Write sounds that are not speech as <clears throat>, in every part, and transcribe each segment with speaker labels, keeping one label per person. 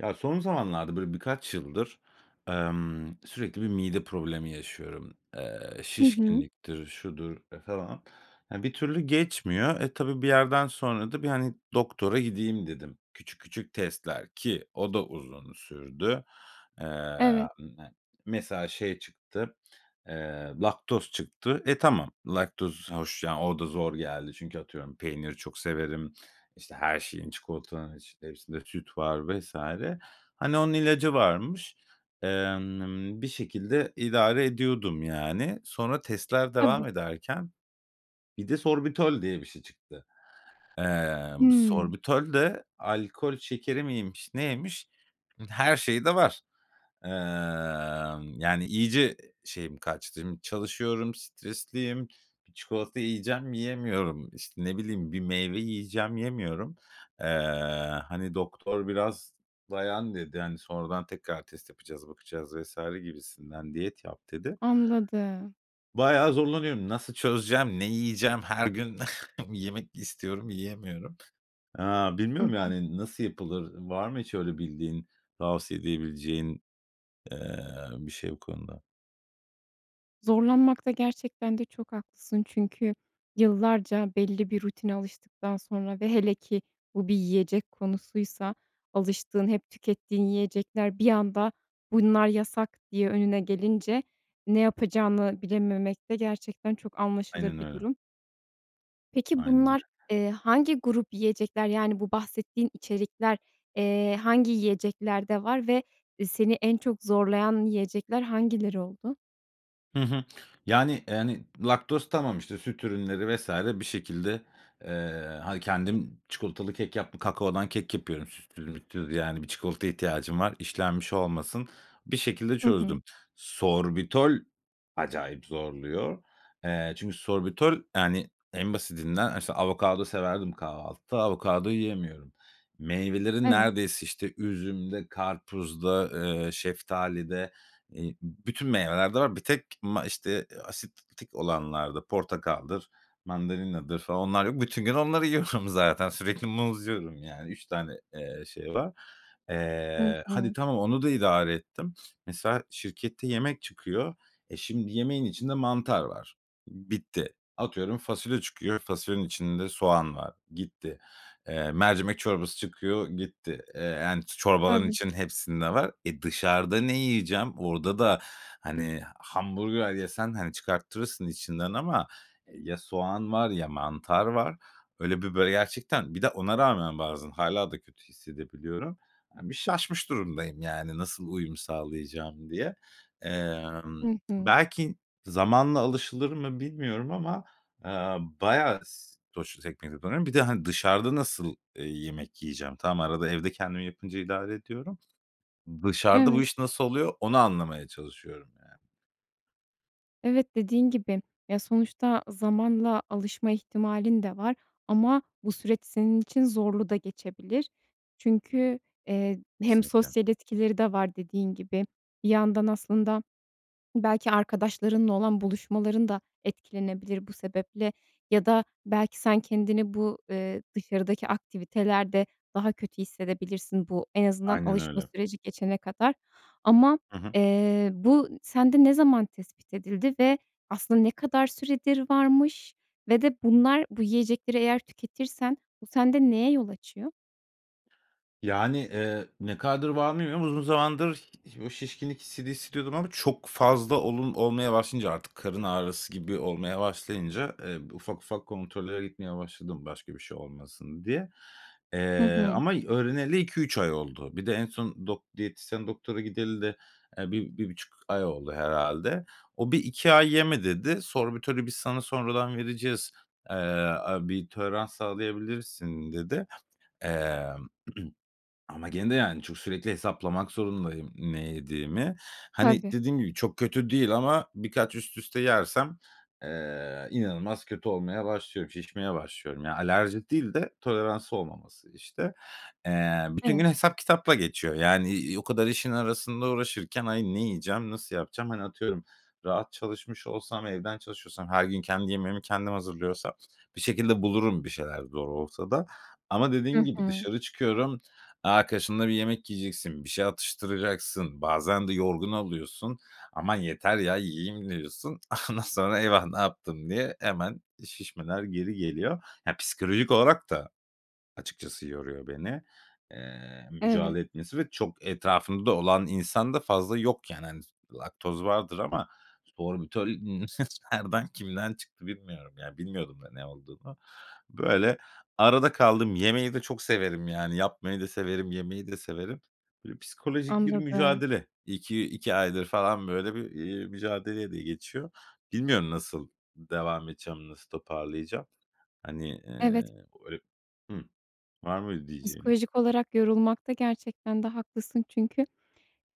Speaker 1: Ya son zamanlarda böyle birkaç yıldır, emm, sürekli bir mide problemi yaşıyorum. Eee,
Speaker 2: Hı hı.
Speaker 1: şişkinliktir, şudur falan. Ya, bir türlü geçmiyor. E, tabii bir yerden sonra da bir, hani, doktora gideyim dedim. Küçük küçük testler ki o da uzun sürdü. Eee,
Speaker 2: Evet.
Speaker 1: m n mesela şey çıktı, eee, laktoz çıktı. E, tamam laktoz hoş, yani, o da zor geldi. Çünkü atıyorum peyniri çok severim, işte her şeyin, çikolatanın içinde, hepsinde süt var vs. Hani, onun ilacı varmış. Emm, bir şekilde idare ediyordum yani. Sonra testler devam
Speaker 2: Tabii.
Speaker 1: ederken, bir de sorbitol diye bir şey çıktı. Eee,
Speaker 2: Hımm.
Speaker 1: sorbitol de alkol şekeri miymiş neymiş, her şey de var. Emm, yani, iyice şeyim kaçtım. Şimdi çalışıyorum, stresliyim. Bir çikolata yiyeceğim, yiyemiyorum. İşte ne bileyim, bir meyve yiyeceğim, yemiyorum. Eee, hani, doktor biraz dayan dedi, hani, sonradan tekrar test yapacağız, bakacağız vs. gibisinden diyet yap dedi.
Speaker 2: Anladım.
Speaker 1: Bayağı zorlanıyorum. Nasıl çözeceğim, ne yiyeceğim, her gün <chuckles> yemek istiyorum, yiyemiyorum. Aaa,
Speaker 2: Hı
Speaker 1: bilmiyorum
Speaker 2: hı.
Speaker 1: yani, nasıl yapılır? Var mı hiç öyle bildiğin, tavsiye edebileceğin, eee, bir şey bu konuda?
Speaker 2: Zorlanmakta gerçekten de çok haklısın. Çünkü yıllarca belli bir rutine alıştıktan sonra ve hele ki bu bir yiyecek konusuysa, alıştığın hep tükettiğin yiyecekler bir anda, bunlar yasak diye önüne gelince, ne yapacağını bilememek de gerçekten çok anlaşılır
Speaker 1: Aynen
Speaker 2: bir
Speaker 1: öyle.
Speaker 2: durum. Peki
Speaker 1: Aynen öyle.
Speaker 2: bunlar, eee, hangi grup yiyecekler, yani, bu bahsettiğin içerikler, eee, hangi yiyeceklerde var ve, eee, seni en çok zorlayan yiyecekler hangileri oldu?
Speaker 1: Hı hı. Yani yani, laktoz tamam, işte, süt ürünleri vs. bir şekilde, eee, hani, kendim çikolatalı kek yaptım, kakaodan kek yapıyorum sütsüz mütsüz, yani, 1 çikolataya ihtiyacım var, işlenmiş olmasın. Bir şekilde
Speaker 2: Hı hı.
Speaker 1: çözdüm. Sorbitol acayip zorluyor. Eee, çünkü Sorbitol, yani, en basitinden işte avokado severdim kahvaltıda, avokado yiyemiyorum. Meyvelerin
Speaker 2: Evet.
Speaker 1: neredeyse işte üzümde, karpuzda, eee, şeftalide, iii, bütün meyvelerde var. Bir tek ma işte, asidik olanlarda portakaldır, mandalinadır falan onlar yok. Bütün gün onları yiyorum zaten. Sürekli muz yiyorum, yani, 3 tane, eee, şey var.
Speaker 2: Hı
Speaker 1: Eee, hadi
Speaker 2: hı.
Speaker 1: tamam, onu da idare ettim. Mesela, şirkette yemek çıkıyor. E, şimdi yemeğin içinde mantar var, bitti. Atıyorum fasulye çıkıyor, fasulyenin içinde soğan var, gitti. Eee, mercimek çorbası çıkıyor, gitti. Eee, yani, çorbaların
Speaker 2: Tabii.
Speaker 1: içinde hepsinde var. Eee, dışarıda ne yiyeceğim? Orada da, hani, hamburger yesen, hani, çıkarttırırsın içinden ama ya soğan var, ya mantar var. Öyle bir böyle, gerçekten bir de ona rağmen bazen hâlâ da kötü hissedebiliyorum. Bir şaşmış durumdayım, yani, nasıl uyum sağlayacağım diye. Emm,
Speaker 2: Hı hı.
Speaker 1: belki zamanla alışılır mı bilmiyorum ama, eee, bayağı s sonuçta <unintelligible> Bir de, hani, dışarıda nasıl, eee, yemek yiyeceğim? Tamam arada evde kendim yapınca idare ediyorum. Dışarıda bu
Speaker 2: Evet.
Speaker 1: iş nasıl oluyor onu anlamaya çalışıyorum, yani.
Speaker 2: Evet, dediğin gibi, ya, sonuçta zamanla alışma ihtimalin de var ama bu süreç senin için zorlu da geçebilir. Çünkü, eee, hem
Speaker 1: Kesinlikle.
Speaker 2: sosyal etkileri de var dediğin gibi. Bir yandan aslında belki arkadaşlarınla olan buluşmaların da etkilenebilir bu sebeple ya da belki sen kendini bu, eee, dışarıdaki aktivitelerde daha kötü hissedebilirsin bu en azından
Speaker 1: Aynen
Speaker 2: alışma
Speaker 1: öyle.
Speaker 2: süreci geçene kadar ama,
Speaker 1: Hı hı.
Speaker 2: eee, bu sende ne zaman tespit edildi ve aslında ne kadar süredir varmış ve de bunlar bu yiyecekleri eğer tüketirsen bu sende neye yol açıyor?
Speaker 1: Yani, eee, ne kadardır var bilmiyorum. Uzun zamandır ih o şişkinlik hissini hissediyordum ama çok fazla olun olmaya başlayınca artık karın ağrısı gibi olmaya başlayınca, eee, ufak ufak kontrollere gitmeye başladım başka bir şey olmasın diye,
Speaker 2: Hı
Speaker 1: eee,
Speaker 2: hı.
Speaker 1: ama öğreneli 2-3 ay oldu. Bir de en son dok diyetisyen doktora gideli de, eee, 1-1.5 ay oldu herhalde. O 1-2 ay yeme dedi. Sorbitölü biz sana sonradan vereceğiz, eee, aaa, bir tolerans sağlayabilirsin dedi, eee, <clears throat> ama gene de yani çok, sürekli hesaplamak zorundayım ne yediğimi. Hani,
Speaker 2: Tabii.
Speaker 1: dediğim gibi çok kötü değil ama birkaç üst üste yersem, eee, inanılmaz kötü olmaya başlıyorum, şişmeye başlıyorum. Ya, alerji değil de toleransı olmaması işte. Eee, bütün gün
Speaker 2: Evet.
Speaker 1: hesap kitapla geçiyor, yani, iii, o kadar işin arasında uğraşırken, ay, ne yiyeceğim, nasıl yapacağım? Hani, atıyorum rahat çalışmış olsam, evden çalışıyor olsam, her gün kendi yemeğimi kendim hazırlıyor olsam, bir şekilde bulurum bir şeyler zor olsa da ama
Speaker 2: I
Speaker 1: dediğin gibi
Speaker 2: hı.
Speaker 1: dışarı çıkıyorum, e arkadaşınla bir yemek yiyeceksin, bir şey atıştıracaksın, bazen de yorgun oluyorsun, aman yeter ya, yiyeyim diyorsun. Ondan sonra "Eyvah ne yaptı" diye hemen şişmeler geri geliyor. Ya psikolojik olarak da açıkçası yoruyor beni, eee,
Speaker 2: Evet.
Speaker 1: mücadele etmesi ve çok etrafımda olan insan da fazla yok yani, hani, s laktoz vardır ama sorbitöl <chuckles> nereden kimden çıktı bilmiyorum. Ya bilmiyordum da ne olduğunu. Böyle arada kaldım. Yemeği de çok severim yani. Yapmayı da severim, yemeyi de severim. Böyle psikolojik bir
Speaker 2: Anladım.
Speaker 1: mücadele. ik iki aydır falan böyle bir, eee, mücadeleyle geçiyor. Bilmiyorum nasıl devam edeceğim, nasıl toparlayacağım. Hani,
Speaker 2: Evet.
Speaker 1: eee <unintelligible> Hıh var mı diyeceğin?
Speaker 2: Psikolojik olarak yorulmakta gerçekten de haklısın. Çünkü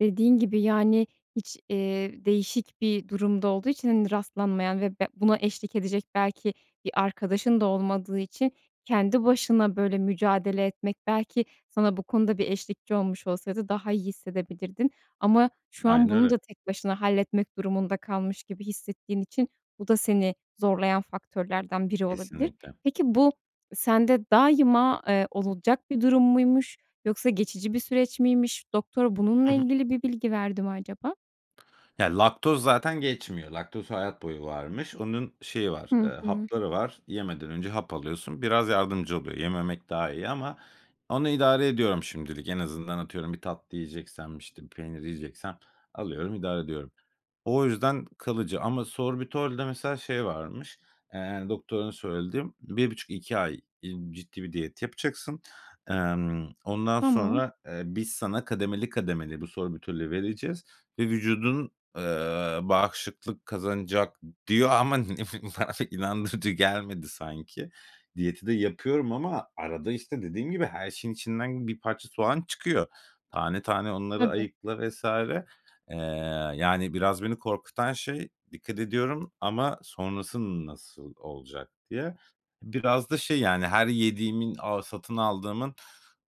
Speaker 2: dediğin gibi, yani, hiç, eee, değişik bir durumda olduğu için hani rastlanmayan ve be buna eşlik edecek belki bir arkadaşın da olmadığı için kendi başına böyle mücadele etmek belki sana bu konuda bir eşlikçi olmuş olsaydı daha iyi hissedebilirdin ama şu an
Speaker 1: Aynen
Speaker 2: bunu
Speaker 1: öyle.
Speaker 2: da tek başına halletmek durumunda kalmış gibi hissettiğin için bu da seni zorlayan faktörlerden biri olabilir.
Speaker 1: Kesinlikle.
Speaker 2: Peki, bu sende daima, eee, olacak bir durum muymuş yoksa geçici bir süreç miymiş? Doktor bununla
Speaker 1: Hı hı.
Speaker 2: ilgili bir bilgi verdi mi acaba?
Speaker 1: Ya, laktoz zaten geçmiyor. Laktoz hayat boyu varmış. Onun şeyi var,
Speaker 2: Hı
Speaker 1: eee,
Speaker 2: hı.
Speaker 1: hapları var. Yemeden önce hap alıyorsun. Biraz yardımcı oluyor. Yememek daha iyi ama onu idare ediyorum şimdilik. En azından atıyorum, bir tatlı yiyeceksem, işte, bir peynir yiyeceksem alıyorum, idare ediyorum. O yüzden kalıcı ama sorbitolde mesela şey varmış, eee, doktorun söylediği; "1.5-2 ay, iii, ciddi bir diyet yapacaksın. Emm, ondan
Speaker 2: Tamam.
Speaker 1: sonra, eee, biz sana kademeli kademeli bu sorbitolü vereceğiz ve vücudun, eee, bağışıklık kazanacak," diyor ama <chuckles> inandırıcı gelmedi sanki. Diyeti de yapıyorum ama arada işte, dediğim gibi her şeyin içinden bir parça soğan çıkıyor. Tane tane onları
Speaker 2: Tabii.
Speaker 1: ayıkla vs. Eee, yani, biraz beni korkutan şey, dikkat ediyorum ama sonrası nasıl olacak diye. Biraz da şey, yani, her yediğimin a satın aldığımın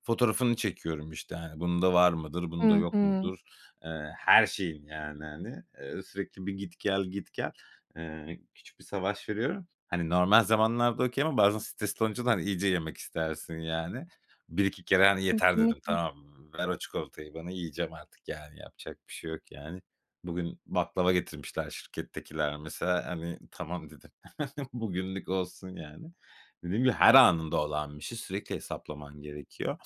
Speaker 1: fotoğrafını çekiyorum işte hani, "Bunda var mıdır, bunda
Speaker 2: Hı
Speaker 1: yok
Speaker 2: hı.
Speaker 1: mudur?" Eee, her şeyin, yani hani, eee, sürekli bir git gel git gel, eee, küçük bir savaş veriyorum. Hani, normal zamanlarda okay ama bazen stresli olunca da hani, iyice yemek istersin yani. 1-2 kere hani, "Yeter!" dedim
Speaker 2: Kesinlikle.
Speaker 1: tamam mı? "Ver o çikolatayı bana, yiyeceğim artık, yani, yapacak bir şey yok," yani. Bugün baklava getirmişler şirkettekiler mesela, hani, "Tamam," dedim. <chuckles> "Bugünlük olsun," yani. Dediğim gibi, her anımda olan bir şey. Sürekli hesaplaman gerekiyor.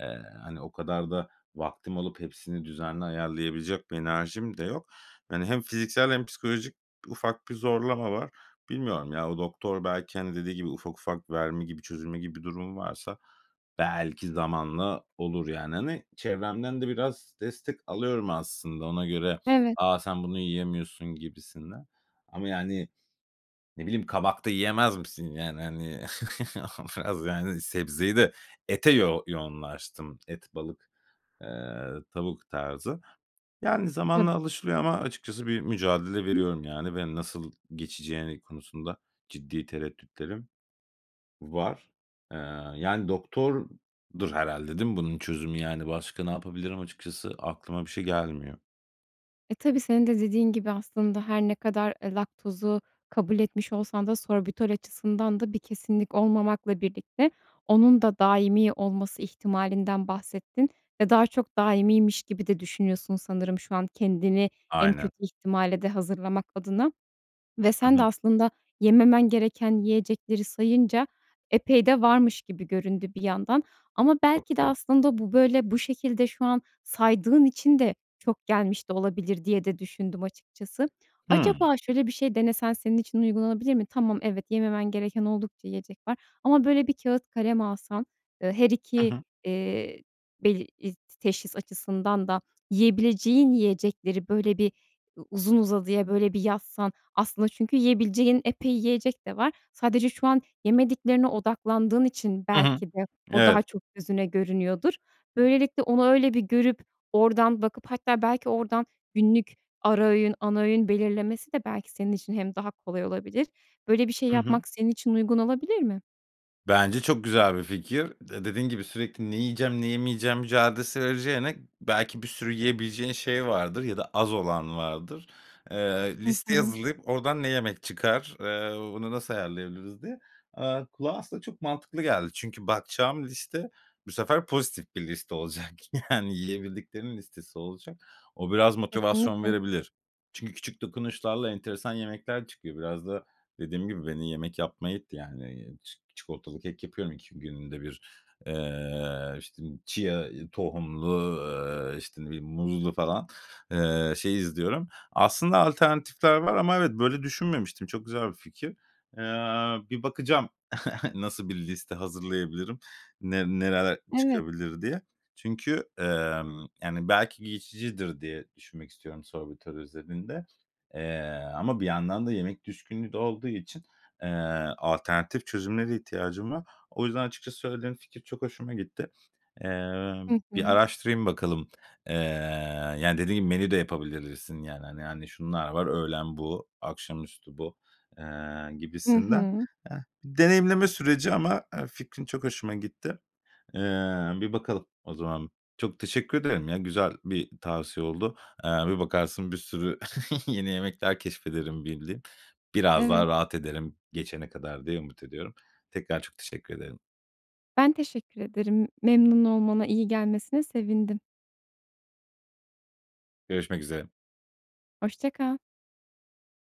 Speaker 1: Eee, hani, o kadar da vaktim olup hepsini düzenli ayarlayabilecek bir enerjim de yok. Hani, hem fiziksel hem psikolojik ufak bir zorlama var. Bilmiyorum ya, o doktor belki hani, dediği gibi ufak ufak verme gibi, çözülme gibi durum varsa belki zamanla olur yani hani, çevremden de biraz destek alıyorum aslında ona göre,
Speaker 2: Evet.
Speaker 1: "A, sen bunu yiyemiyorsun," gibisinden ama yani, ne bileyim, "Kabak da yiyemez misin?" yani hani, <chuckles> biraz yani sebzeyi de ete yo yoğunlaştım; et, balık, eee, tavuk tarzı. Yani,
Speaker 2: <unintelligible>
Speaker 1: zamanla alışılıyor ama açıkçası bir mücadele veriyorum yani ve nasıl geçeceğini konusunda ciddi tereddütlerim var, eee, yani, doktordur herhâlde değil mi bunun çözümü yani, başka ne yapabilirim açıkçası aklıma bir şey gelmiyor.
Speaker 2: E, tabii senin de dediğin gibi aslında, her ne kadar, eee, laktozu kabul etmiş olsan da sorbitol açısından da bir kesinlik olmamakla birlikte, onun da daimi olması ihtimalinden bahsettin ve daha çok daimiymiş gibi de düşünüyorsun, sanırım şu an kendini en
Speaker 1: Aynen.
Speaker 2: kötü ihtimale de hazırlamak adına ve
Speaker 1: Hı
Speaker 2: sen de
Speaker 1: hı.
Speaker 2: aslında yememen gereken yiyecekleri sayınca, epey de varmış gibi göründü bir yandan. Ama belki de
Speaker 1: <unintelligible>
Speaker 2: aslında bu böyle, bu şekilde şu an saydığın için de çok gelmiş de olabilir diye de düşündüm açıkçası.
Speaker 1: Hıı.
Speaker 2: Acaba şöyle bir şey denesen senin için uygulanabilir mi? Tamam, evet, yememen gereken oldukça yiyecek var ama böyle bir kâğıt kalem alsan, ııı, her
Speaker 1: Hı
Speaker 2: 2,
Speaker 1: hı.
Speaker 2: eee, bel i t teşhis açısından da yiyebileceğin yiyecekleri böyle bir, u uzun uzadıya böyle bir yazsan, aslında çünkü yiyebileceğin epey yiyecek de var. Sadece şu an yemediklerine odaklandığın için
Speaker 1: Hı hı.
Speaker 2: belki de o daha
Speaker 1: Evet.
Speaker 2: çok gözüne görünüyordur. Böylelikle, onu öyle bir görüp, oradan bakıp hatta belki oradan günlük ara öğün, ana öğün belirlemesi de belki senin için hem daha kolay olabilir. Böyle bir şey
Speaker 1: Hı hı.
Speaker 2: yapmak senin için uygun olabilir mi?
Speaker 1: Bence çok güzel bir fikir. De dediğin gibi sürekli "Ne yiyeceğim, ne yemeyeceğim?" mücadelesi vereceğine, belki bir sürü yiyebileceğin şey vardır ya da az olan vardır. Eee,
Speaker 2: Hı
Speaker 1: listeyi
Speaker 2: hı.
Speaker 1: hazırlayıp oradan ne yemek çıkar, eee, bunu nasıl ayarlayabiliriz diye. Aaa, kulağa aslında çok mantıklı geldi. Çünkü bakacağım liste bu sefer pozitif bir liste olacak yani, yiyebildiklerimin listesi olacak. O biraz motivasyon
Speaker 2: Kesinlikle.
Speaker 1: verebilir. Çünkü küçük dokunuşlarla enteresan yemekler çıkıyor. Biraz da dediğim gibi beni yemek yapmaya itti, yani, ç çikolatalı kek yapıyorum iki günde bir. Eee, işte, chia tohumlu, eee, işte, bir muzlu falan, eee, şey izliyorum. Aslında, alternatifler var ama evet, böyle düşünmemiştim. Çok güzel bir fikir. Eee, bir bakacağım <giggles> nasıl bir liste hazırlayabilirim, ne nereler
Speaker 2: Evet.
Speaker 1: çıkabilir diye. Çünkü, emm, yani, belki geçicidir diye düşünmek istiyorum sorbitol özelinde, eee, ama bir yandan da yemek düşkünlüğü de olduğu için, eee, alternatif çözümlere ihtiyacım var. O yüzden açıkçası söylediğin fikir çok hoşuma gitti. Eee,
Speaker 2: Hı
Speaker 1: bir
Speaker 2: hı.
Speaker 1: araştırayım bakalım, eee, yani, dediğin gibi menü de yapabilirsin yani, hani hani, şunlar var, öğlen bu, akşamüstü bu, eee,
Speaker 2: Hı
Speaker 1: gibisinden.
Speaker 2: hı.
Speaker 1: Eee, deneyimleme süreci ama, eee, fikrin çok hoşuma gitti. Eee, bir bakalım o zaman. Çok teşekkür ederim ya. Güzel bir tavsiye oldu. Eee, bir bakarsın bir sürü <chuckles> yeni yemekler keşfederim bildiğim. Biraz daha
Speaker 2: Evet.
Speaker 1: rahat ederim geçene kadar diye umut ediyorum. Tekrar çok teşekkür ederim.
Speaker 2: Ben teşekkür ederim. Memnun olmana, iyi gelmesine sevindim.
Speaker 1: Görüşmek üzere.
Speaker 2: Hoşça kal.